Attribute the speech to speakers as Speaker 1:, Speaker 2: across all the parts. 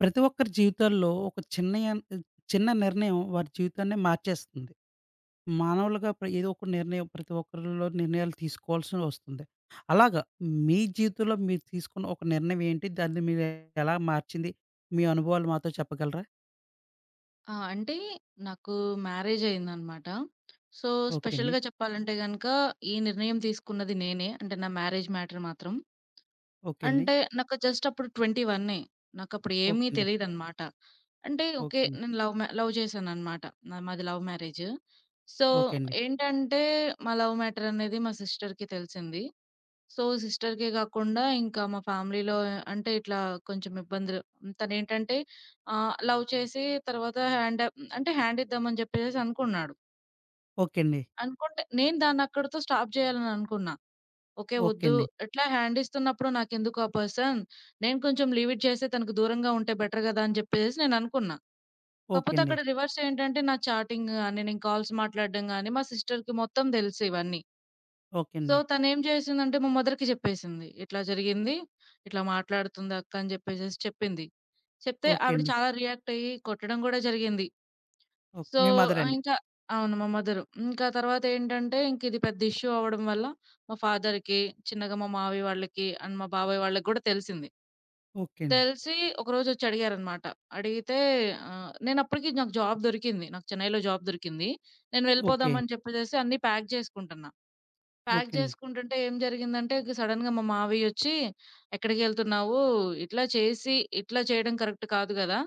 Speaker 1: ప్రతి ఒక్కరి జీవితాల్లో ఒక చిన్నయన్ చిన్న నిర్ణయం వారి జీవితాన్నే మార్చేస్తుంది. మానవులుగా ప్ర ఏదో ఒక నిర్ణయం ప్రతి ఒక్కరిలో నిర్ణయాలు తీసుకోవాల్సి వస్తుంది. అలాగా మీ జీవితంలో మీరు తీసుకున్న ఒక నిర్ణయం ఏంటి? దాన్ని మీరు ఎలా మార్చింది? మీ అనుభవాలు మాతో చెప్పగలరా?
Speaker 2: ఆ! అంటే, నాకు మ్యారేజ్ అయిందన్నమాట. సో,
Speaker 1: ఓకే అండి.
Speaker 2: స్పెషల్‌‌గా చెప్పాలంటే గనుక ఈ నిర్ణయం తీసుకున్నది నేనే. అంటే, నా మ్యారేజ్ మ్యాటర్ మాత్రం.
Speaker 1: ఓకే అండి.
Speaker 2: అంటే నాకు జస్ట్ అప్పుడు ట్వెంటీ వన్నే నాకప్పుడు
Speaker 1: ఓకే
Speaker 2: ఏమీ
Speaker 1: అండి.
Speaker 2: తెలీదన్నమాట. అంటే ఓకే.
Speaker 1: ఓకే అండి.
Speaker 2: నేను లవ్ మ లవ్ చేశానన్నమాట. నా మాది లవ్ మ్యారేజ్. సో
Speaker 1: ఓకే అండి.
Speaker 2: ఏంటంటే, మా లవ్ మ్యాటర్ అనేది మా సిస్టర్‌కి తెలిసింది. సో, సిస్టర్‌కే కాకుండా ఇంకా మా ఫ్యామిలీలో అంటే ఇట్లా కొంచెం ఇబ్బందులు తనేంటంటే ఆహ్, లవ్ చేసి తర్వాత హ్యాండ అంటే హ్యాండిద్దామని జెప్పేసేసి అనుకున్నాడు.
Speaker 1: ఓకే అండి.
Speaker 2: అనుకుంటే నేను దాన్ని అక్కడితో స్టాప్ జేయాలననుకున్నా ఓకే.
Speaker 1: ఓకే
Speaker 2: వద్దు
Speaker 1: అండి.
Speaker 2: ఇట్లా హ్యాండిస్తున్నప్పుడు నాకెందుకు ఆ పర్సన్, నేను కొంచెం లీవ్ ఇట్ చేస్తే తనకు దూరంగా ఉంటే బెటర్ గదా! అని చెప్పేసి నేననుకున్నా.
Speaker 1: ఓకే
Speaker 2: కాపోతే
Speaker 1: అండి.
Speaker 2: అక్కడ రివర్స్ ఏంటంటే నా చాటింగ్ గాని నేను కాల్స్ మాట్లాడడం గాని మా సిస్టర్‌కి మొత్తం తెలుసు ఇవన్నీ.
Speaker 1: ఓకే
Speaker 2: సో,
Speaker 1: అండి.
Speaker 2: తనేం జేసిందంటే, మా మదర్‌కి జెప్పేసింది "ఇట్లా జరిగింది. ఇట్లా మాట్లాడుతుంది, అక్క" అని జెప్పేసేసి చెప్పింది. చెప్తే
Speaker 1: ఓకే
Speaker 2: ఆవిడ
Speaker 1: అండి.
Speaker 2: చాలా రియాక్ట్ అయ్యి కొట్టడం గూడా జరిగింది.
Speaker 1: ఓకే.
Speaker 2: సో,
Speaker 1: మీ
Speaker 2: ఆహ్,
Speaker 1: మదరండి.
Speaker 2: ఇంకా అవును. మా మదరు ఇంక ఆ తర్వాత ఏంటంటే ఇంక ఇది పెద్ద ఇష్యూ అవ్వడం వల్ల మా ఫాదర్‌‌కి చిన్నగా మా మామయ్య వాళ్ళకి అండ్ మా బాబాయ్ వాళ్ళకి గూడా తెలిసింది.
Speaker 1: ఓకే అండి.
Speaker 2: తెలిసి ఒకరోజొచ్చి అడిగారన్నమాట అడిగితే, ఆహ్, నేను అప్పడికి నాకు జాబ్ దొరికింది. నాకు చెన్నైలో జాబ్ దొరికింది. నేను
Speaker 1: ఓకే.
Speaker 2: వెళ్ళిపోదామని జెప్పేసేసి అన్ని ప్యాక్ జేసుకుంటున్నా. ప్యాక్
Speaker 1: ఓకే అండి.
Speaker 2: జేసుకుంటుంటే, ఏం జరిగిందంటే సడెన్‌గా మా మామయ్యొచ్చి ఎక్కడికెళ్తున్నావు ఇట్లా చేసి ఇట్లా చేయడం కరెక్ట్ కాదు గదా!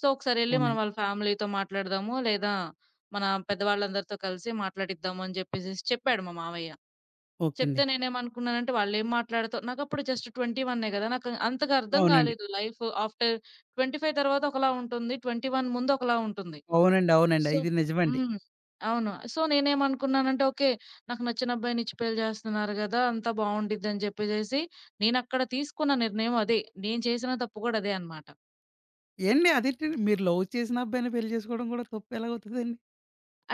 Speaker 2: సో, ఒకసారెళ్లి
Speaker 1: అవునండి.
Speaker 2: వాళ్ళ ఫ్యామిలీతో మాట్లాడదాము. లేదా మన పెద్ద వాళ్ళందరితో కలిసి మాట్లాడిద్దాము అని జెప్పేసేసి చెప్పాడు మా మామయ్య.
Speaker 1: ఓకే అండి.
Speaker 2: చెప్తే నేనేమనుకున్నానంటే వాళ్ళు ఏమి మాట్లాడతా నాకప్పుడు జస్ట్ ట్వెంటీ వన్నే గదా! నాకు అంతగా అర్థం
Speaker 1: అవునండి.
Speaker 2: గాలేదు లైఫ్ ఆఫ్టర్ 25 తరువాత ఒకలా ఉంటుంది. 21 ముందు ఒకలా ఉంటుంది.
Speaker 1: అవునండి. అవునండి.
Speaker 2: సో
Speaker 1: ఇది నిజమండి.
Speaker 2: హ్మ్. అవును సో నేనేమనుకున్నానంటే ఓకే. నాకు నచ్చిన అబ్బాయినిచ్చి పెళ్లి జేస్తున్నారు కదా! అంతా బావుండిద్దని జెప్పేసేసి నేనక్కడ తీసుకున్న నిర్ణయం అది. నేను చేసిన తప్పు గూడా అదే అనమాట.
Speaker 1: ఏండి ఆదేంటండి మీరు లవ్ చేసినబ్బాయినే పెళ్లి చేసుకోవడం కూడా తప్పెలా అవుతదండి?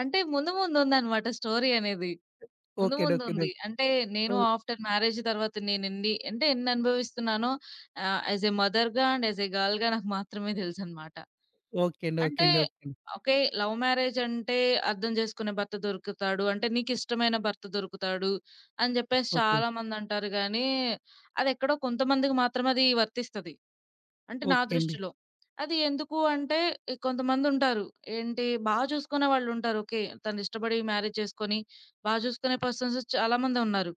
Speaker 2: అంటే, ముందు ముందుందన్నమాట స్టోరీ అనేది ముందు
Speaker 1: ఓకేండి. ఓకేండి.
Speaker 2: ముందుముంది.
Speaker 1: ఓకె.
Speaker 2: అంటే నేను
Speaker 1: ఓ
Speaker 2: ఆఫ్టర్ మ్యారేజ్ తరువాత నేనేన్ని అంటే ఎన్ని అనుభవిస్తున్నానో ఆహ్, యాస్ ఎ మదర్‌గా అండ్ యాస్ ఎ గర్ల్‌గా నాకు మాత్రమే తెలుసన్నమాట.
Speaker 1: ఓకే అండి. ఓకే
Speaker 2: అంటే,
Speaker 1: అండి. ఓకే అండి.
Speaker 2: ఓకే లవ్ మ్యారేజ్ అంటే అర్థం చేసుకునే భర్త దొరుకుతాడు. అంటె, నీకిష్టమైన భర్త దొరుకుతాడు, అని జెప్పేసి
Speaker 1: ఓకే.
Speaker 2: చాలామందంటారు గాని అదెక్కడో కొంతమందికి మాత్రమది వర్తిస్తది. అంటె, నా
Speaker 1: ఓకే అండి.
Speaker 2: దృష్టిలో. అది ఎందుకు అంటే ఇంకొంతమందుంటారు, ఏంటి బా చూసుకునే వాళ్ళుంటారు. ఓకే తను ఇష్టపడి మ్యారేజ్ చేసుకొని బా చూసుకునే పర్సన్స్ చాలా మందే ఉన్నారు.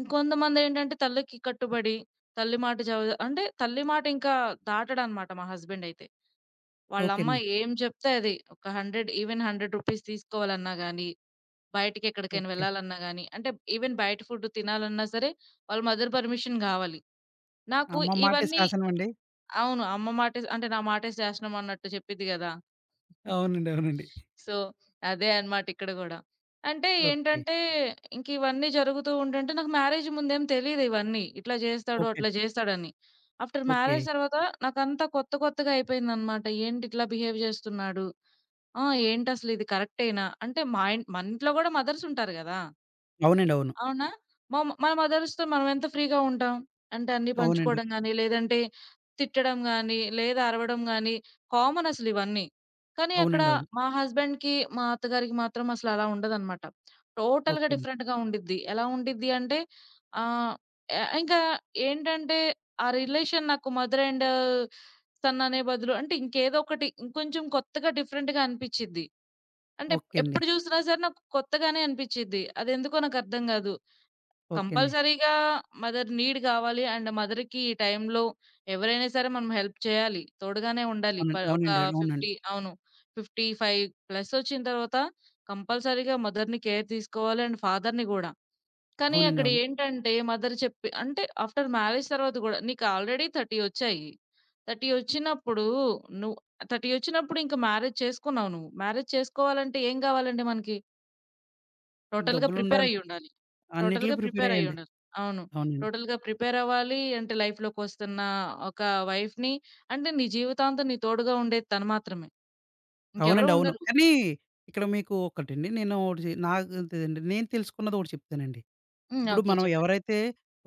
Speaker 2: ఇంకొంతమందేంటంటే తల్లికి కట్టుబడి తల్లి మాట జవదా అంటే తల్లి మాటీంకా దాటడన్నమాట మా హస్బెండయితే.
Speaker 1: ఓకే
Speaker 2: వాళ్ళమ్మ
Speaker 1: అండి.
Speaker 2: ఏం చెప్తే అది ఒక 100 ఈవెన్ రూ. 100 తీసుకోవాలన్నా గాని, బయటికేక్కడికైనా
Speaker 1: ఓకే.
Speaker 2: వెళ్లాలన్నా గాని, అంటె ఈవెన్ బయట ఫుడ్ తినాలన్నా సరే, వాళ్ళ మదర్ పర్మిషన్ గావాలి. నాకు
Speaker 1: అమ్మ మాటే
Speaker 2: ఇవన్నీ
Speaker 1: శాసనమండి.
Speaker 2: అవును అమ్మ మాటే అంటే నా మాటే శాసనం అన్నట్టు చెప్పిద్ది గదా!
Speaker 1: అవునండి. అవునండి.
Speaker 2: సో, అదే అన్నమాట ఇక్కడ గూడా. అంటె,
Speaker 1: ఓకే.
Speaker 2: ఏంటంటే ఇంకివన్నీ జరుగుతూ ఉంటుంటే నాకు మ్యారేజ్ ముందేమి తెలిదివన్నీ. ఇట్లా జేస్తాడు,
Speaker 1: ఓకే.
Speaker 2: అట్లా జేస్తాడని ఆఫ్టర్ మ్యారేజ్
Speaker 1: ఓకే.
Speaker 2: తరువాత నాకంతా కొత్త కొత్తగా అయిపోయిందన్నమాట. ఏంటిట్లా బిహేవ్ జేస్తున్నాడు. ఆహ్, ఏంటసలిది కరెక్టెనా అంటే మాయి మన ఇంట్లో కూడా మదర్సుంటారు గదా!
Speaker 1: అవునండి. అవును.
Speaker 2: అవునా? మా మన మదర్స్‌తో మనమెంత ఫ్రీగా ఉంటాం? అంటే అన్నీ
Speaker 1: అవునండి.
Speaker 2: పంచుకోవడం గాని, లేదంటే తిట్టడం గాని, లేదా అరవడం గానీ, కామనసలివన్నీ. కానీ అక్కడ
Speaker 1: అవునండి అవును.
Speaker 2: మా హస్బెండ్‌కి మా అత్తగారికి మాత్రం అసలలా ఉండదన్నమాట. టోటల్‌గా
Speaker 1: ఓకేండి.
Speaker 2: డిఫరెంట్‌గా ఉండిద్ది. ఎలా ఉండిద్దంటే, ఆహ్, యాహ్ ఇంకా ఏంటంటే ఆ రిలేషన్ నాకు మదర్ అండ్ సన్ అనే బదులు, అంటె ఇంకేదో ఒకటి ఇంకొంచెం కొత్తగా డిఫరెంట్‌గా అనిపిచ్చిది. అంటే
Speaker 1: ఓకే
Speaker 2: ఎ
Speaker 1: అండి.
Speaker 2: ఎప్పుడు జూసినా సరే నాకు కొత్తగానే అనిపిచ్చిద్ది, అదెందుకో నాకర్థం కాదు.
Speaker 1: ఓకే అండి.
Speaker 2: కంపల్సరీగా మదర్ నీడ్ గావాలి, అండ్ మదర్‌కి ఈ టైంలో ఎవరైనా సరే మనం హెల్ప్ చేయాలి తోడుగానే ఉండాలి.
Speaker 1: అవునండి.
Speaker 2: పర్ ఒక
Speaker 1: అవునండి. అవునండి.
Speaker 2: ఫిఫ్టీ అవును. 55 ప్లస్ ఒచ్చిన తర్వాత కంపల్సరీగా మదర్‌ని కేర్ తీసుకోవాలి. అండ్ ఫాదర్‌ని గూడా. కానీ,
Speaker 1: అవునండి
Speaker 2: అక్కడ
Speaker 1: అవును.
Speaker 2: ఏంటంటే మదర్ చెప్పి అంటే ఆఫ్టర్ మ్యారేజ్ తరువాత కూడా నీకు ఆల్రెడీ 30 ఒచ్చాయి. 30 ఓచ్చినప్పుడు నువ్వు 30 ఓచ్చినప్పుడు, ఇంక మ్యారేజ్ చేసుకున్నావు నువ్వు. మ్యారేజ్ చేసుకోవాలంటే ఏం కావాలండి మనకి? టోటల్‌గా
Speaker 1: డబ్బులుండాలి.
Speaker 2: ప్రిపేరైయుండాలి.
Speaker 1: అన్నిట్లికి
Speaker 2: టోటల్‌గా
Speaker 1: ప్రిపేరయ్యండి.
Speaker 2: ప్రిపేరైయుండాలి. అవును.
Speaker 1: అవునండి.
Speaker 2: టోటల్‌గా ప్రిపేరవ్వాలి అంటే, లైఫ్‌లోకొస్తున్న ఒక వైఫ్‌ని అంటే నీ జీవితాంతం తోడుగా ఉండేది తను మాత్రమే. ఇంకెవరు
Speaker 1: అవునండి. అవును.
Speaker 2: ఉండరు.
Speaker 1: కానీ, ఇక్కడ మీకు ఒకటండి నేను ఒకటి చె నాకు త్ నేను తెలుసుకున్నది ఒకటి చెప్తానండి.
Speaker 2: హ్మ్.
Speaker 1: ఇప్పుడు
Speaker 2: ఓకే.
Speaker 1: మనం
Speaker 2: చెప్పండి.
Speaker 1: ఎవరైతే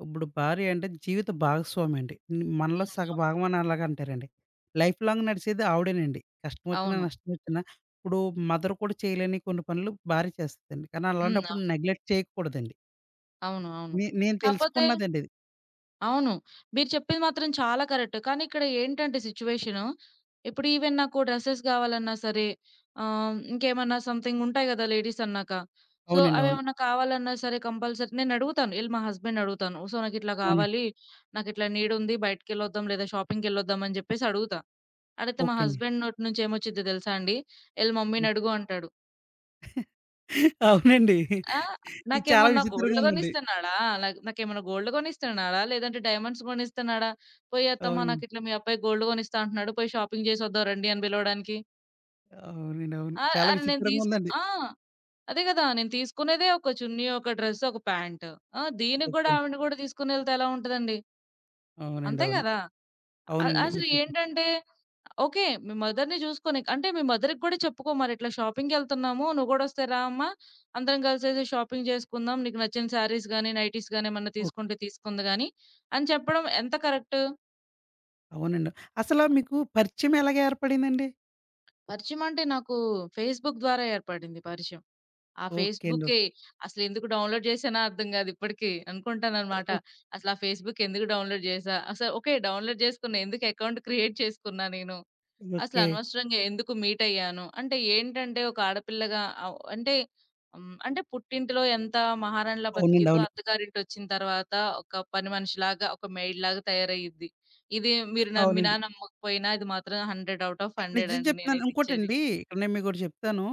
Speaker 1: ఇప్పుడు భార్య అంటే, జీవిత భాగస్వామండి. హ్మ్. మనలో
Speaker 2: హ్మ్.
Speaker 1: సగ
Speaker 2: అవును.
Speaker 1: భాగమని అలాగంటారండి. Life long నడిసేది ఆవిడేనండి. కష్టమొచ్చినా,
Speaker 2: అవును.
Speaker 1: నష్టమొచ్చినా. ఇప్పుడు మదర్ కూడా చేయలేని కొన్ని పనులు, భార్య చేస్తుందండి. కానీ,
Speaker 2: హ్మ్.
Speaker 1: అలాంటప్పుడు
Speaker 2: అవును.
Speaker 1: నెగ్లెక్ట్ చేయకూడదండి.
Speaker 2: అవును. అవును.
Speaker 1: నే నేను
Speaker 2: కాపోతే
Speaker 1: తెలుసుకున్నదండిది.
Speaker 2: అవును. మీరు చెప్పింది మాత్రం చాలా కరెక్ట్. కానీ ఇక్కడ ఏంటంటే, సిట్యుయేషను ఇప్పుడు ఈవెన్ నాకు డ్రెసెస్ కావాలన్నా సరే ఆహ్, ఇంకేమన్నా సమ్‌థింగ్‌ ఉంటాయి కదా, లేడీస్ అన్నాక. సో,
Speaker 1: అవునండి.
Speaker 2: అవి
Speaker 1: అవును.
Speaker 2: ఏమన్నా కావాలన్నా సరే, కంపల్సరీ నేను అడుగుతాను ఎళ్ళి మా హస్బెండ్‌ని అడుగుతాను. సో, నాకు ఇట్లా
Speaker 1: అవునండి.
Speaker 2: కావాలి, నాకు ఇట్లా నీడుంది బయటికెళ్ళొద్దాం. లేదా షాపింగ్‌కెళ్ళొద్దాం అని చెప్పేసి అడుగుతా. అడిగితే, మా
Speaker 1: ఓకే అండి.
Speaker 2: హస్బెండ్ నోటి నుంచి ఏమొచ్చిందో తెలుసా అండి? "ఎళ్ళి మమ్మీని"
Speaker 1: హ్మ్.
Speaker 2: అడుగు అంటాడు.
Speaker 1: అవునండి.
Speaker 2: ఆ!
Speaker 1: ఇది చాలా
Speaker 2: నాకేమన్నా
Speaker 1: విచిత్రంగా
Speaker 2: గోల్డ్
Speaker 1: ఉందండి.
Speaker 2: కొనిస్తున్నాడా, న నాకేమన్నా గోల్డ్ కొనిస్తున్నాడా, లేదంటే డైమండ్స్ కొనిస్తున్నాడా, పోయి అత్తమ్మ
Speaker 1: అవునండి.
Speaker 2: నాకిట్లా మీ అబ్బాయి గోల్డ్ కొనిస్తా అంటున్నాడు, పోయి షాపింగ్ చేసి వద్దాం రండి అని పిలవడానికి.
Speaker 1: ఆ! అవునండి. అవును.
Speaker 2: ఆ!
Speaker 1: చాలా
Speaker 2: అరె నేను దీస్కు
Speaker 1: విచిత్రంగుందండి.
Speaker 2: ఆ! అదే గదా! నేను తీసుకునేదే ఒక చున్నీ, ఒక డ్రస్సు, ఒక ప్యాంటు. ఆ! దీనికి గూడా
Speaker 1: ఓకేండి.
Speaker 2: ఆవిడని గూడా తీసుకొనెళ్తే ఎలా ఉంటదండి?
Speaker 1: అవునండి.
Speaker 2: అంతే
Speaker 1: అవును.
Speaker 2: గదా! అ
Speaker 1: అవునండి.
Speaker 2: అసలు
Speaker 1: మీరు చెప్పింది
Speaker 2: ఏంటంటే ఓకే, మీ మదర్‌ని జూసుకోనీక్ అంటే, మీ మదర్‌కి గూడా చెప్పుకో మరిట్లా షాపింగ్‌కెళ్తన్నాము, నువ్వు గూడొస్తే రా అమ్మ, అందరం గలిసేసి షాపింగ్ జేసుకుందాం, నీకు నచ్చిన శారీస్ గానీ, నైటీస్ గానీ, ఏమన్న
Speaker 1: ఓకే.
Speaker 2: తీసుకుంటే తీసుకుంది గానీ అని చెప్పడం ఎంత కరక్టు?
Speaker 1: అవునండి. అసలా మీకు పరిచయమెలాగేర్పడిందండి?
Speaker 2: పరిచయమంటే నాకూ ఫేస్‌బుక్ ద్వారా ఏర్పడింది పరిచయం. ఆ
Speaker 1: ఓకే అండి. ఓహ్!
Speaker 2: ఫేస్‌బుక్కే, అసలెందుకు డౌన్‌లోడ్ జేశానా అర్థం గాదు ఇప్పడికీ.
Speaker 1: ఆహ్,
Speaker 2: అనుకుంటాననమాట,
Speaker 1: ఓహ్!
Speaker 2: అసలా ఫేస్‌బుక్ ఎందుకు డౌన్‌లోడ్ జేశా. అస ఓకే, డౌన్‌లోడ్ జేసుకున్న, ఎందుకు ఎకౌంట్ క్రియేట్ చేసుకున్నా నేను.
Speaker 1: ఓకే.
Speaker 2: అసలనవసరంగా ఎందుకు మీటయ్యాను, అంటే ఏంటంటే, ఒక ఆడపిల్లగా అవ్ అంటే, హ్మ్, అంటే పుట్టింటిలో ఎంతా మహారాణిలా
Speaker 1: అవునండి.
Speaker 2: బతికిద్దో,
Speaker 1: అవును.
Speaker 2: అత్తగారింటొచ్చిన తరవాత, ఒక పని మనిషిలాగా, ఒక మెయిడ్‌లాగా తయారయిద్ది. ఇదీ మీరు నమ్మినా,
Speaker 1: అవునండి.
Speaker 2: నమ్మకపోయినా ఇది మాత్రం హండ్రెడ్ ఔట్ ఆఫ్
Speaker 1: క నిజం
Speaker 2: హండ్రెడండి
Speaker 1: చెప్తున్నాను
Speaker 2: నేనైతే ఇచ్చేది.
Speaker 1: ఇంకోటండీ, ఇక్కడ నేను మీకోటి జెప్తాను.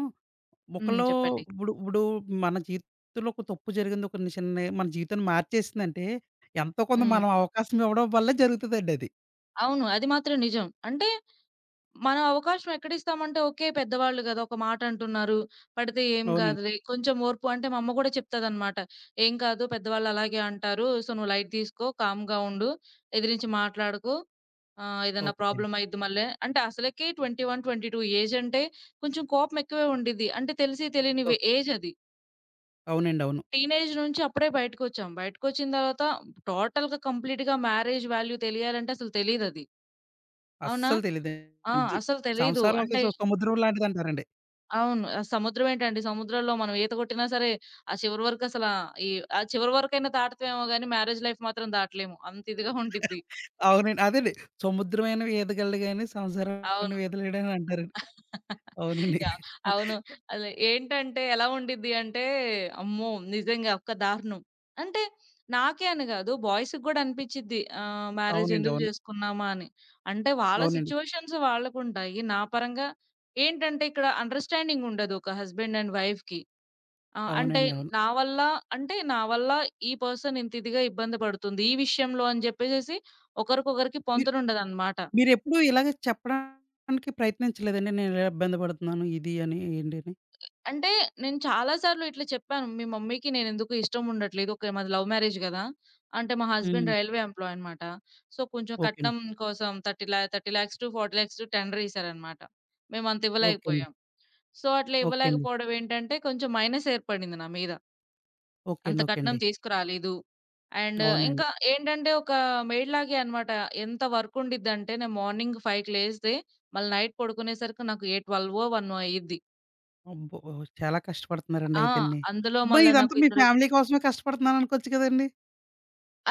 Speaker 2: హ్మ్.
Speaker 1: ఒకలో
Speaker 2: చెప్పండి.
Speaker 1: ఉప్పుడు ఉప్పుడూ మన జీవితంలో ఒక తప్పు జరిగింది. ఒక ని చిన్నయ్ మన జీవితాన్ని మార్చేసిందంటే, ఎంతో కొంత
Speaker 2: హ్మ్.
Speaker 1: మనం అవకాశమివ్వడం వల్లే జరుగుతదండది.
Speaker 2: అవును. అది మాత్రం నిజం. అంటే, మనం అవకాశం ఎక్కడిస్తాం అంటే ఓకే, పెద్దవాళ్ళు కదా! ఒక మాట అంటున్నారు, పడితే ఏం
Speaker 1: అవునండి.
Speaker 2: కాదులే, కొంచెం ఓర్పు అంటే మా అమ్మ కూడా చెప్తదన్నమాట. "ఏం కాదు పెద్దవాళ్ళు అలాగే అంటారు, సో, నువ్వు లైట్ తీసుకో కామ్‌గా ఉండు, ఎదిరించి మాట్లాడకు, ఆహ్, ఏదైనా
Speaker 1: ఓకే.
Speaker 2: ప్రాబ్లమయ్యిద్ది మళ్ళీ." అంటే అసలకి 21, 22 ఏజ్ అంటే, కొంచెం కోపం ఎక్కువే ఉండిద్ది. అంటే తెలిసి తెలియని
Speaker 1: ఓ
Speaker 2: వె ఏజది.
Speaker 1: అవునండీ. అవును.
Speaker 2: టీనేజ్ నుంచి అప్పుడే బయటికొచ్చాం. బయటికొచ్చిన తరువాత, టోటల్‌గా కంప్లీట్‌గా మ్యారేజ్ వాల్యూ తెలియాలంటే అసలు తెలీదది. అవునా!
Speaker 1: అస్సలు
Speaker 2: ఆ!
Speaker 1: తెలీదండి.
Speaker 2: అసల తెలీదు.
Speaker 1: సంసారం ఒక
Speaker 2: అంటే
Speaker 1: స సముద్రం లాంటిదంటారండి.
Speaker 2: అవును. అస్ సముద్రం ఏంటండి! సముద్రంలో మనం ఈత కొట్టినా సరే, ఆ చివరి వరకు అసలు ఈవ్ ఆ చివరి వరకైనా దాటుతామేమో గాని, మ్యారేజ్ లైఫ్ మాత్రం దాటలేము. అంతిదిగా ఉండిద్ది.
Speaker 1: అవునండి. అదండి. సముద్రమైన ఈదగలడు గాని, సంసారం
Speaker 2: అవును.
Speaker 1: ఈదలేడని అంటారండి. అవునండి.
Speaker 2: యాహ్! అవును.
Speaker 1: అ!
Speaker 2: అలె ఏంటంటే ఎలా ఉండిద్ది అంటే, అమ్మో! నిజంగా ఒక దారుణం. అంటే నాకే అని గాదు, బాయ్స్‌కి గూడా అనిపించింది. ఆహ్,
Speaker 1: అవునండి.
Speaker 2: మ్యారేజెందుకు
Speaker 1: అవును.
Speaker 2: చేసుకున్నామా అని. అంటే, వాళ్ళ
Speaker 1: అవునండి.
Speaker 2: సిట్యుయేషన్స్ వాళ్ళకుంటాయి. నా పరంగా ఏంటంటే, ఇక్కడ అండర్‌స్టాండింగుండదు. ఒక హస్బెండ్ అండ్ వైఫ్‌కి. ఆహ్, అంటే
Speaker 1: అవునండి. అవును.
Speaker 2: నా వల్ల అంటే నావల్ల ఈ పర్సన్ ఇంత ఇదిగా ఇబ్బంది పడుతుంది, ఈ విషయంలో అని చెప్పేసేసి, ఒకరికొకరికి
Speaker 1: మీర్
Speaker 2: పొంతనుండదనమాట.
Speaker 1: మీరెప్పుడూ ఇలాగ చెప్పడానికి ప్రయత్నించలేదండి? నేను ఇలా ఇబ్బంది పడుతున్నాను ఇది అని, ఏంటని.
Speaker 2: అ అంటే, నేను చాలా సార్లు ఇట్లా చెప్పాను. మీ మమ్మీకి నేను ఎందుకో ఇష్టముండట్లేదు. ఓకె. మాది లవ్ మ్యారేజ్ కదా! అంటే మా హస్బెండ్
Speaker 1: హ్మ్.
Speaker 2: రైల్వే ఎంప్లాయన్నమాట. సో, కొంచెం
Speaker 1: ఓకే అండి.
Speaker 2: కట్నం కోసం థర్టీ ల్యా 30,00,000-40,00,000 టు టెండరేసారన్నమాట. మేమంత
Speaker 1: ఓకే అండి.
Speaker 2: ఇవ్వలేకపోయాం. సో, అట్లా
Speaker 1: ఓకే అండి.
Speaker 2: ఇవ్వలేకపోవడం ఏంటంటే, కొంచెం మైనస్ ఏర్పడింది నా మీద.
Speaker 1: ఓకే
Speaker 2: అంత
Speaker 1: అండి. ఓకే
Speaker 2: కట్నం
Speaker 1: అండి.
Speaker 2: తీసుకురాలేదు, అండ్
Speaker 1: అవునండి.
Speaker 2: ఇంకా ఏంటంటే, ఒక మెయిడ్ లాగే అన్నమాట. ఎంత వర్కుండిదంటే, నేను మార్నింగ్ 5కి లేస్తే, మళ్ళి నైట్ పడుకునేసరికి నాకు ఏ ట్వెల్వో, వన్నో అయ్యిద్ది.
Speaker 1: అబ్బో! చాలా
Speaker 2: ఆహ్,
Speaker 1: కష్టపడుతున్నారండయితేండి.
Speaker 2: అందులో
Speaker 1: అబ్బో!
Speaker 2: మళ్ళా
Speaker 1: ఇదంతా
Speaker 2: నాకు
Speaker 1: మీ
Speaker 2: ఇద్దరు
Speaker 1: ఫ్యామిలీ కోసమే కష్టపడుతున్నాను అనుకోచ్చు కదండీ?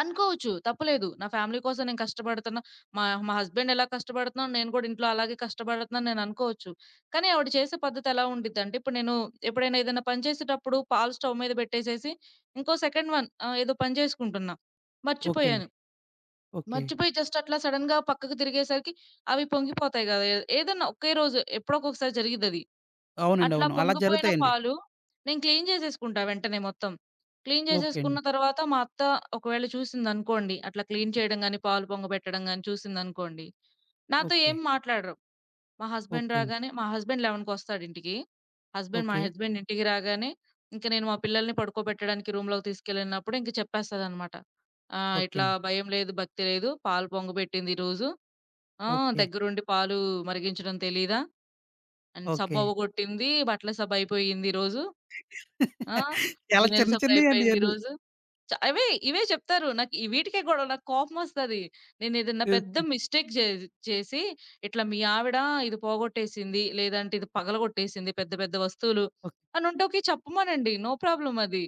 Speaker 2: అనుకోవచ్చు తప్పులేదు నా ఫ్యామిలీ కోసం నేను కష్టపడుతున్నా. మా మా హస్బెండ్ ఎలా కష్టపడుతున్నాను నేను కూడా ఇంట్లో అలాగే కష్టపడుతున్నాను అని నేనుకోవచ్చు. కానీ ఆవిడ చేసే పద్ధతి ఎలా ఉండీదంటే, ఇప్పుడు నేను ఎప్పుడైనా ఏదైనా పని చేసేటప్పుడు పాలు స్టవ్ మీద పెట్టేసేసి ఇంకో సెకండ్ వన్ ఆహ్, ఏదో పని చేసుకుంటున్నా,
Speaker 1: ఓకే
Speaker 2: మర్చిపోయాను,
Speaker 1: అండి. ఓకే.
Speaker 2: మర్చిపోయి జస్ట్ అట్లా సడెన్‌గా పక్కకు తిరిగేసరికి అవి పొంగిపోతాయి కదే ఏదన్నా ఒకే రోజు ఎప్పుడోక్కకసారి జరిగిదది.
Speaker 1: అవునండీ
Speaker 2: అట్లా
Speaker 1: అవును. అలా
Speaker 2: పొంగిపోయిన
Speaker 1: జరుగుతాయండి.
Speaker 2: పాలు నేను క్లీన్ జేసేసుకుంటా వెంటనే మొత్తం. క్లీన్
Speaker 1: ఓకే
Speaker 2: జేసేసుకున్న
Speaker 1: అండి.
Speaker 2: తరువాత మా అత్త ఒకవేళ చూసిందనుకోండి, అట్లా క్లీన్ చేయడం గాని, పాలు పొంగబెట్టడం గాని, చూసిందనుకోండి, నాతో
Speaker 1: ఓకే.
Speaker 2: ఏమి మాట్లాడరు. మా హస్బెండ్
Speaker 1: ఓకే అండి.
Speaker 2: రాగానే మా హస్బెండ్ ఎలెవెన్‌కొస్తాడింటికి. హస్బెండ్ మా
Speaker 1: ఓకే.
Speaker 2: హస్బెండ్ ఇంటికి రాగానే ఇంక నేను మా పిల్లల్ని పడుకోబెట్టడానికి రూమ్‌లోకి తీసుకెళ్ళినప్పుడు ఇంక చెప్పేస్తాదన్నమాట. ఆహ్,
Speaker 1: ఓకే
Speaker 2: ఇట్లా
Speaker 1: అండి.
Speaker 2: "భయం లేదు, భక్తి లేదు, పాలు పొంగబెట్టిందిరోజు ఆహ్,
Speaker 1: ఓకే.
Speaker 2: దగ్గరుండి పాలు మరిగించడం తెలీదా? And
Speaker 1: okay.
Speaker 2: సబ్బవ్వగొట్టింది, బట్టల సబ్బు అయిపోయింది ఈరోజు. ఆ!
Speaker 1: చాలా
Speaker 2: గిన్నెల
Speaker 1: చిన్న చిన్నయండి
Speaker 2: సబయిపేంది
Speaker 1: ఇయన్నీ
Speaker 2: ఈరోజు." చ అవే ఇవే చెప్తారు నాకు వీటికే గొడవలు నాకోపమొస్తది. నేనేదైనా పెద్ద
Speaker 1: [unintelligible]
Speaker 2: మిస్టేక్ జే చేసి ఇట్లా మీ ఆవిడ ఇది పోగొట్టేసింది, లేదంటే ఇది పగలగొట్టేసింది, పెద్ద పెద్ద వస్తువులు.
Speaker 1: ఓకే.
Speaker 2: అనుంటే చెప్పమనండి. నో ప్రాబ్లమ్ అది.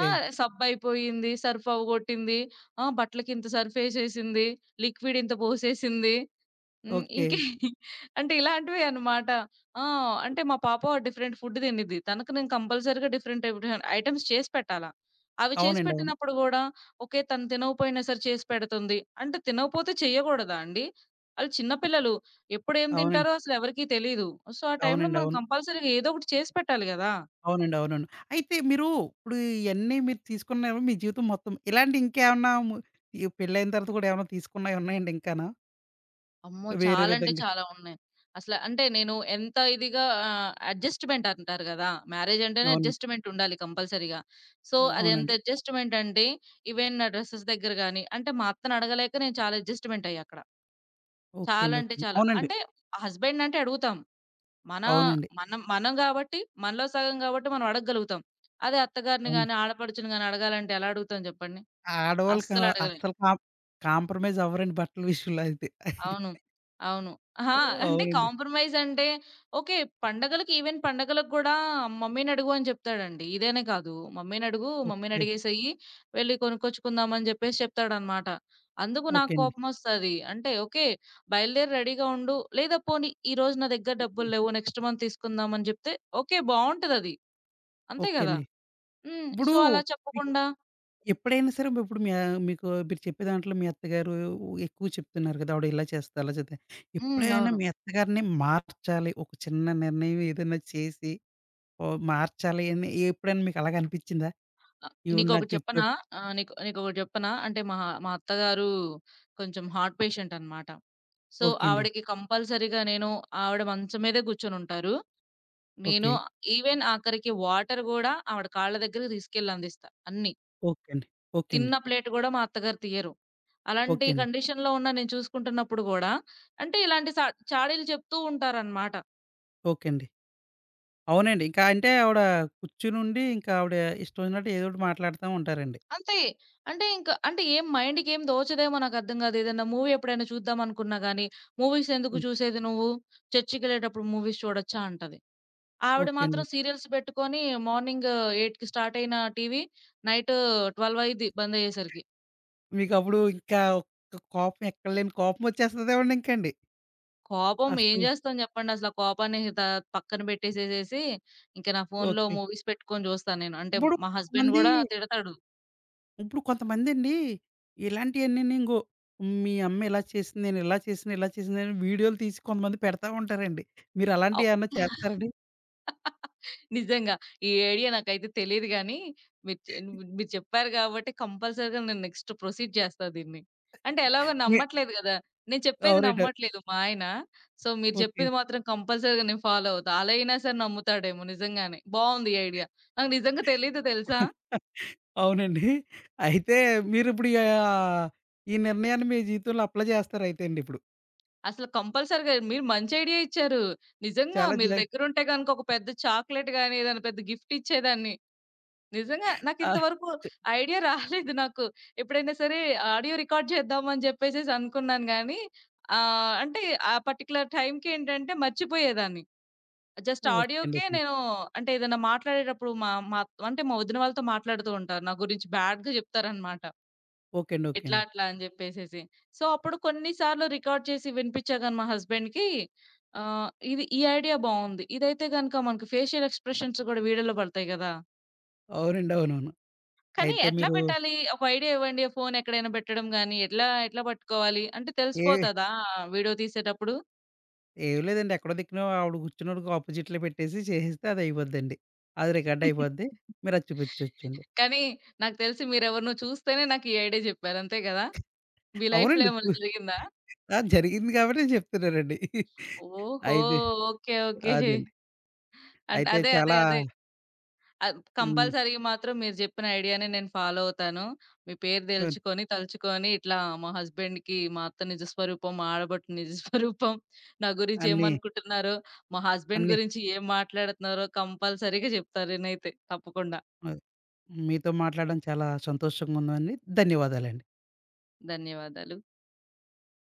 Speaker 2: ఆ! సబ్బయిపోయింది, సర్ఫ్‌వ్వగొట్టింది, ఆ! బట్టలకి ఇంత సర్ఫేసేసింది, లిక్విడ్ ఇంత పోసేసింది, హ్మ్
Speaker 1: ఓకే.
Speaker 2: ఇంకేం అంటే ఇలాంటి‌వేన్నమాట ఆ! అంటే మా పాప డిఫరెంట్ ఫుడ్ తినిద్ది తనకి నేను కంపల్సరీగా డిఫరెంట్ టైపు ఐటెమ్స్ చేసి పెట్టాలా. అవి చేసి
Speaker 1: అవునండీ అవును.
Speaker 2: పెట్టినప్పుడు కూడా ఓకే తను తినకపోయినా సరే చేసి పెడుతుంది. అంటే తినకపోతే చేయకూడదా అండి? అళ్లు చిన్న పిల్లలు, ఎప్పుడేం
Speaker 1: అవునండి.
Speaker 2: తింటారో అసలు ఎవరికీ తెలీదు. సో ఆ టైంలో
Speaker 1: అవునండీ
Speaker 2: మనం
Speaker 1: అవును.
Speaker 2: కంపల్సరీగా ఏదో ఒకటి చేసి పెట్టాలి గదా!
Speaker 1: అవునండి అవునవును. అయితే మీరు ఇప్పుడు ఇయన్నీ మీరు తీసుకున్నారు మీ జీవితం మొత్తం ఇలాంటి ఇంకేమన్నా ము ఏ పెళ్లయిన తరువాత కూడా ఏమైనా తీసుకున్నయి ఉన్నాయండి ఇంకాను.
Speaker 2: అమ్మో!
Speaker 1: వేరే
Speaker 2: చాలంటే
Speaker 1: విధంగా
Speaker 2: చాలా ఉన్నాయి. అసల అంటే నేను ఎంత ఇదిగా ఆహ్, అడ్జస్ట్‌మెంటంటారు గదా! మ్యారేజంటేనే
Speaker 1: అవునండి.
Speaker 2: అడ్జస్ట్‌మెంటుండాలి కంపల్సరీగా. సో,
Speaker 1: ఆ!
Speaker 2: అదెంత
Speaker 1: అవునండి.
Speaker 2: ఎడ్జస్ట్‌మెంటంటే, ఈవెన్ నా డ్రస్సెస్ దగ్గర గానీ అంటే, మా అత్తనడగలేక నేను చాలా ఎడ్జస్ట్‌మెంటయ్యాక్కడ.
Speaker 1: ఓకే
Speaker 2: చాలా
Speaker 1: అండి. ఓకే
Speaker 2: అంటే
Speaker 1: అండి.
Speaker 2: చాలా.
Speaker 1: అవునండి.
Speaker 2: అంటే, హస్బెండ్‌నంటే అడుగుతాం. మనా
Speaker 1: అవునండి.
Speaker 2: మనం మనం గాబట్టి, మనలో సగం గాబట్టి, మనవడగగలుగుతాం. అదే అత్తగారిని
Speaker 1: అవును.
Speaker 2: గానీ, ఆడపడుచుని గానీ అడగాలంటే ఎలా అడుగుతాం జెప్పండి?
Speaker 1: ఆడోళ్ళకా
Speaker 2: అస్సలడగలేం.
Speaker 1: అస్సలు కాం కాంప్రమైజవ్వరండి బట్టల విషయంలో అయితే.
Speaker 2: అవును. అవును. హా!
Speaker 1: ఆ!
Speaker 2: అంటే,
Speaker 1: అవునండి.
Speaker 2: కాంప్రమైజంటే ఓకే పండగలకి, ఈవెన్ పండగలకు గూడా "మమ్మీనడుగు" అని జెప్తాడండీ. ఇదనే కాదు, "మమ్మీనడుగూ,
Speaker 1: ఓకే.
Speaker 2: మమ్మీనడిగేసెయ్యీ వెళ్లి కొనుక్కొచ్చుకుందామని" జెప్పేసి చెప్తాడనమాట. అందుకు
Speaker 1: ఓకే
Speaker 2: నాకు
Speaker 1: అండి.
Speaker 2: కోపమొస్తది. అంటే, "ఓకే. బయలుదేరు రెడీగా ఉండు," లేదా పోనీ "ఈరోజు నా దగ్గర
Speaker 1: ఓకే.
Speaker 2: డబ్బుల్లేవు, నెక్స్ట్ మంత్ తీసుకుందామని" జెప్తే, ఓకే బావుంటదది. అంతే
Speaker 1: ఓకే
Speaker 2: గదా?
Speaker 1: అండి.
Speaker 2: హ్మ్.
Speaker 1: ఇప్పుడూ
Speaker 2: సో, అలా
Speaker 1: విహి
Speaker 2: చెప్పకుండా
Speaker 1: ఎప్పుడైనా సరే ఉప్పుడు మీ యా మీకూ మీరు చెప్పే దాంట్లో మీ అత్తగారూ ఎక్కువు చెప్తున్నారు గదా! ఆవిడిలా చేస్తది, అలా చేద్ది.
Speaker 2: హ్మ్.
Speaker 1: ఎప్పుడైనా
Speaker 2: అవును.
Speaker 1: మీ అత్తగారిని మార్చాలి, ఒక చిన్న నిర్ణయవేదన్నా చేసి, ఓహ్ మార్చాలి అని ఎప్పుడైనా మీకలాగా అనిపిచ్చిందా?
Speaker 2: ఆ!
Speaker 1: ఈవిడని నా
Speaker 2: నీకొకటి
Speaker 1: గ్రిప్‌లో
Speaker 2: చెప్పనా? ఆ! నీకొ నీకొకటి చెప్పనా? అంటే, మా మా అత్తగారూ కొంచెం హార్ట్ పేషెంటనమాట. సో,
Speaker 1: ఓకే అండి.
Speaker 2: ఆవిడకి కంపల్సరీగా నేను ఆవిడ మంచం మీదే గూర్చొనుంటారు. నేను
Speaker 1: ఓకే.
Speaker 2: ఈవెన్ ఆఖరికి వాటర్ గూడా ఆవిడ కాళ్ళ దగ్గరికి దీసుకెళ్ళి అందిస్తా, అన్నీ.
Speaker 1: ఓకే అండి. ఓకే అండి.
Speaker 2: తిన్న ప్లేటు గూడా మా అత్తగారు తియ్యరు. అలాంటి
Speaker 1: ఓకే అండి.
Speaker 2: కండిషన్‌లో ఉన్నా నేను చూసుకుంటన్నప్పుడు గూడా అంటే, ఇలాంటి సా చాడీలు చెప్తూ ఉంటారనమాట.
Speaker 1: ఓకే అండి. అవునండి. ఇంకా అంటే ఆవిడా కూర్చునుండీ, ఇంకా ఆవిడ ఇష్టవొచ్చినట్టు ఏదోటి మాట్లాడతా ఉంటారండి.
Speaker 2: అంతే. అంటే, ఇంక అంటే, ఏం మైండుకేం దోచదేమో నాకర్థం గాదు. ఏదన్నా మూవీ ఎప్పుడైనా చూద్దామనుకున్నా గానీ, "మూవీసెందుకు
Speaker 1: హ్మ్.
Speaker 2: చూసేది నువ్వు? చర్చికెళ్ళేటప్పుడు మూవీస్ చూడొచ్చా" అంటది. ఆవిడ
Speaker 1: ఓకే అండి.
Speaker 2: మాత్రం
Speaker 1: ఓకే.
Speaker 2: సీరియల్స్ బెట్టుకొనీ మార్నింగూ 8కి స్టార్టయిన టీవీ నైట్ ట్వల్వయిద్ది బందయ్యేసరికి.
Speaker 1: మీకప్పుడూ ఇంకా క కోపం, ఎక్కడ లేని కోపమొచ్చేస్తదేవండింకండి.
Speaker 2: కోపం ఏం
Speaker 1: అస్సల
Speaker 2: జేస్తాం జెప్పండసల. ఆ కోపాన్ని త పక్కన బెట్టేసేసేసీ, ఇంక నా ఫోన్‌లో
Speaker 1: ఓకే.
Speaker 2: మూవీస్ పెట్టుకొని చూస్తా నేను. అంటే,
Speaker 1: ఇప్పుడు
Speaker 2: మా హస్బెండ్
Speaker 1: కొంతమందీ
Speaker 2: గూడా తిడతాడు.
Speaker 1: ఇప్పుడు కొంతమందండీ, ఇలాంటియన్నీని, ఇంగో మీ అమ్మ ఇలా చేసింది, నేనిలా చేసినా, ఇలా చేసిందని వీడియోలు తీసి కొంతమంది పెడతా ఉంటారండి.
Speaker 2: అవ్
Speaker 1: మీరలాంటియేవన్నా
Speaker 2: యాహ్!
Speaker 1: చేత్తారండి?
Speaker 2: నిజంగా. ఈ ఐడియా నాకయితే తెలీదు గానీ, మీరు చే నువ్వున్ మీరు చెప్పారు గాబట్టి, కంపల్సరీగా నేను నెక్స్ట్ ప్రొసీడ్ చేస్తా దీన్ని. అంటే, ఎలాగో
Speaker 1: మీ
Speaker 2: నమ్మట్లేదు గదా! నేను చెప్పేది
Speaker 1: అవునండి.అ
Speaker 2: నమ్మట్లేదు మా ఆయన. సో, మీరు
Speaker 1: ఓకే.
Speaker 2: జెప్పేది మాత్రం కంపల్సరీగా నేను ఫాలో అవుతా. అలా అయినా సరే నమ్ముతాడేమో. నిజంగానే బావుంది ఈ ఐడియా. నాకు నిజంగా తెలీదు తెలుసా?
Speaker 1: అవునండీ? అయితే మీరుప్పుడియా ఈ నిర్ణయాన్ని మీ జీవితంలో అప్లై జేస్తారయితే అండిప్పుడు.
Speaker 2: అసలు కంపల్సరీగా మీరు మంచి ఐడియా ఇచ్చారు. నిజంగా
Speaker 1: చాలా
Speaker 2: మీరు
Speaker 1: జా
Speaker 2: దగ్గరుంటే గనుక ఒక పెద్ద చాక్లేట్ గాని, ఏదైనా పెద్ద గిఫ్ట్ ఇచ్చేదాన్ని. నిజంగా.
Speaker 1: ఆ!
Speaker 2: నాకింత వరకు
Speaker 1: చ్
Speaker 2: ఐడియా రాలేదు నాకు. ఎప్పుడైనా సరే ఆడియో రికార్డ్ చేద్దాం అని జెప్పేసేసి అనుకున్నాను గానీ ఆహ్, అంటే, ఆ పర్టిక్యులర్ టైంకేంటంటే మర్చిపోయేదాన్ని. జస్ట్
Speaker 1: ఓకె అండి.
Speaker 2: ఆడియోకే
Speaker 1: ఓకెండి.
Speaker 2: నేను అంటే ఏదైనా మాట్లాడేటప్పుడు అంటే మా మా వదిన వాళ్ళతో మాట్లాడుతూ ఉంటాను నా గురించి బ్యాడ్‌గా చెప్తారనమాట.
Speaker 1: ఓకె అండి. ఓకె
Speaker 2: ఇట్లా,
Speaker 1: అండి.
Speaker 2: అట్లా అని జెప్పేసేసి. సో, అప్పుడు కొన్ని సార్లు రికార్డ్ చేసి వినిపిచ్చా గాని మా హస్బెండ్‌కి ఆహ్, ఇది ఇది ఈ ఐడియా బావుంది. ఇదయితే గనుక మనకు ఫేషియల్ ఎక్స్‌ప్రెషన్స్ గూడా వీడియోలో పడతాయి గదా!
Speaker 1: అవునండి, అవునవును.
Speaker 2: కానీ
Speaker 1: అయితే
Speaker 2: ఎట్లా
Speaker 1: మీరు
Speaker 2: పెట్టాలి? ఒక ఐడియా ఇవ్వండి ఫోనెక్కడైనా పెట్టడం గాని, ఎట్లా ఎట్లా పట్టుకోవాలి అంటే,
Speaker 1: ఏహ్
Speaker 2: తెలిసిపోతదా ఆ వీడియో తీసేటప్పుడు?
Speaker 1: ఏం లేదండి. ఎక్కడో దిక్కిన ఆవిడ కూర్చున్నోడికి అపొజిట్లో పెట్టేసి, చేసేస్తే అది అయిపోద్దండి. అది రికార్డ్ అయిపోద్ది. మీరది చూపిచ్చొచ్చండి.
Speaker 2: కానీ, నాకు తెలిసి మీరు ఎవరినో చూస్తేనే నాకు ఈ ఐడియా చెప్పారు అంతే కదా! మీ లైఫ్‌లో
Speaker 1: అవునండి చు
Speaker 2: ఏమైనా జరిగిందా?
Speaker 1: ఆ! జరిగింది కాబట్టి చెప్తున్నానండి.
Speaker 2: ఓహో!
Speaker 1: అయితె
Speaker 2: ఓకె ఓకె.
Speaker 1: అదండి.
Speaker 2: అన్
Speaker 1: అయితే
Speaker 2: అదే. అదే.
Speaker 1: చాలా
Speaker 2: అదే. అద్
Speaker 1: హ్మ్.
Speaker 2: కంపల్సరీగ మాత్రం మీరు చెప్పిన ఐడియానే నేను ఫాలో అవుతాను. మీ పేరు
Speaker 1: [unintelligible]
Speaker 2: దెలుచుకొని, తలుచుకొని ఇట్లా మా హస్బాండ్‌కి, మా అత్త నిజస్వరూపం, మా ఆడపడు నిజస్వరూపం నా గురించి
Speaker 1: అన్ని.
Speaker 2: ఏమనుకుంటున్నారో, మా హస్బెండ్‌
Speaker 1: అన్ని.
Speaker 2: గురించి ఏం మాట్లాడుతున్నారో కంపల్సరీగా జెప్తా నేనైతే తప్పకుండా.
Speaker 1: మద్ మీతో మాట్లాడం చాలా సంతోషంగా ఉందండి. ధన్యవాదాలండి.
Speaker 2: ధన్యవాదాలు.